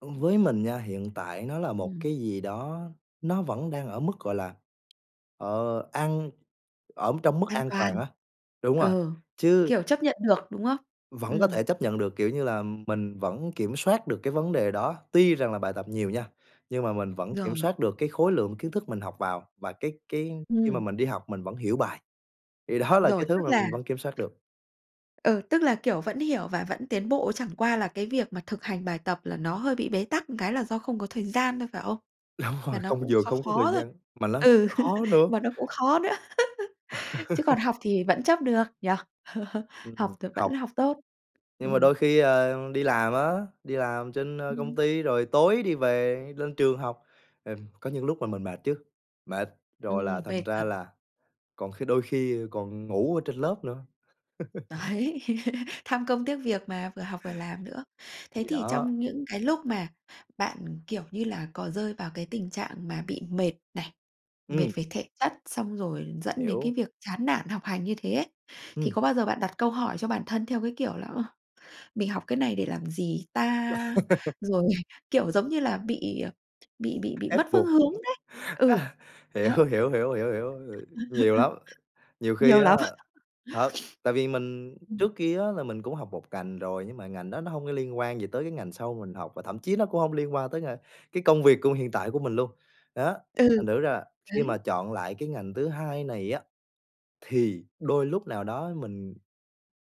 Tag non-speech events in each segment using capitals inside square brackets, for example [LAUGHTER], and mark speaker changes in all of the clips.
Speaker 1: Ưm, với mình nha, hiện tại nó là một
Speaker 2: Ừm.
Speaker 1: cái gì đó nó vẫn đang ở mức, gọi là, ờ, ăn ở trong mức
Speaker 2: An
Speaker 1: an toàn
Speaker 2: toàn.
Speaker 1: á. Đúng rồi.
Speaker 2: Ừ,
Speaker 1: Chứ
Speaker 2: kiểu, chấp nhận được, đúng hông?
Speaker 1: vẫn có
Speaker 2: Ừm.
Speaker 1: thể chấp nhận được, kiểu như là, mình vẫn kiểm soát được cái vấn đề đó, tuy rằng là bài tập nhiều nha, nhưng mà mình vẫn kiểm
Speaker 2: Rồi.
Speaker 1: soát được cái khối lượng kiến thức mình học vào, và cái cái khi mà
Speaker 2: Ừm.
Speaker 1: mình đi học mình vẫn hiểu bài. Thì đó là cái
Speaker 2: Rồi,
Speaker 1: thứ
Speaker 2: tức
Speaker 1: mà
Speaker 2: là
Speaker 1: mình vẫn kiểm soát được.
Speaker 2: ừ, tức là, kiểu, vẫn hiểu và vẫn tiến bộ, chẳng qua là cái việc mà thực hành bài tập là nó hơi bị bế tắc một cái là do không có thời gian thôi, phải không?
Speaker 1: Đúng rồi.
Speaker 2: Mà nó
Speaker 1: Không
Speaker 2: cũng
Speaker 1: vừa
Speaker 2: khó
Speaker 1: không có thời
Speaker 2: khó thôi,
Speaker 1: gian mà nó lại
Speaker 2: ừ,
Speaker 1: khó nữa.
Speaker 2: mà nó cũng khó nữa, [LAUGHS] chứ còn
Speaker 1: [LAUGHS]
Speaker 2: học thì vẫn chấp được, nhỉ? [LAUGHS]
Speaker 1: Ừm,
Speaker 2: Học thì vẫn
Speaker 1: học.
Speaker 2: học tốt.
Speaker 1: Nhưng mà
Speaker 2: Ừm.
Speaker 1: đôi khi, ờ, đi làm á, đi làm trên, ơ, công
Speaker 2: Ừm.
Speaker 1: ty rồi tối đi về lên trường học, ừm, có những lúc là mình mệt chứ, mệt! Rồi là
Speaker 2: Ừm,
Speaker 1: thành
Speaker 2: mệt
Speaker 1: ra
Speaker 2: thật.
Speaker 1: là còn khi đôi khi còn ngủ ở trên lớp nữa. [LAUGHS]
Speaker 2: Đấy, [LAUGHS] tham công tiếc việc mà, vừa học vừa làm nữa. Thế
Speaker 1: Thì
Speaker 2: thì
Speaker 1: đó.
Speaker 2: trong những cái lúc mà bạn, kiểu như là, có rơi vào cái tình trạng mà bị mệt này, mệt
Speaker 1: Ừm.
Speaker 2: về thể chất, xong rồi dẫn đến
Speaker 1: Hiểu.
Speaker 2: cái việc chán nản học hành như thế ấy, thì
Speaker 1: Ừm.
Speaker 2: có bao giờ bạn đặt câu hỏi cho bản thân, theo cái kiểu là, ờ, "mình học cái này để làm gì ta?"
Speaker 1: [LAUGHS]
Speaker 2: Rồi, kiểu giống như là, bị, ờ, bị bị bị
Speaker 1: Ép
Speaker 2: mất phương
Speaker 1: buộc.
Speaker 2: hướng đấy.
Speaker 1: [UNINTELLIGIBLE]
Speaker 2: Ừ,
Speaker 1: [LAUGHS] Hiểu,
Speaker 2: đó.
Speaker 1: hiểu, hiểu, hiểu, hiểu, h ừm, nhiều lắm.
Speaker 2: [LAUGHS]
Speaker 1: Nhiều khi
Speaker 2: Nhiều
Speaker 1: á,
Speaker 2: lắm. [LAUGHS]
Speaker 1: thật, tại vì mình
Speaker 2: [SNIFFS] Ừm.
Speaker 1: trước kia á là mình cũng học một ngành rồi, nhưng mà ngành đó nó hông có liên quan gì tới cái ngành sau mà mình học, và thậm chí nó cũng hông liên quan tới ng cái công việc của hiện tại của mình luôn. Đó,
Speaker 2: Ừ,
Speaker 1: thành thử ra là khi mà
Speaker 2: đấy.
Speaker 1: chọn lại cái ngành thứ hai này á, thì đôi lúc nào đó mình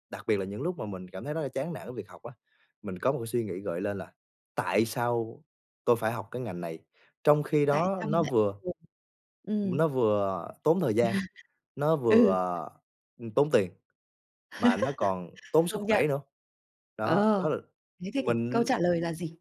Speaker 1: đặc biệt là những lúc mà mình cảm thấy rất là chán nản với việc học á, mình có một cái suy nghĩ gợi lên là "tại sao tôi phải học cái ngành này?" Trong khi
Speaker 2: Tại
Speaker 1: đó
Speaker 2: sao mình
Speaker 1: nó
Speaker 2: lại.
Speaker 1: vừa
Speaker 2: [UNINTELLIGIBLE]
Speaker 1: ưm,
Speaker 2: Ừm.
Speaker 1: nó vừa tốn thời gian,
Speaker 2: [LAUGHS]
Speaker 1: nó vừa,
Speaker 2: Ừ.
Speaker 1: ờ, ừm, tốn tiền, mà nó còn
Speaker 2: [LAUGHS]
Speaker 1: tốn sức
Speaker 2: Công nhận.
Speaker 1: khỏe nữa. Đó, đó
Speaker 2: Ờ,
Speaker 1: l
Speaker 2: thế thì cái câu
Speaker 1: mình
Speaker 2: trả lời là gì?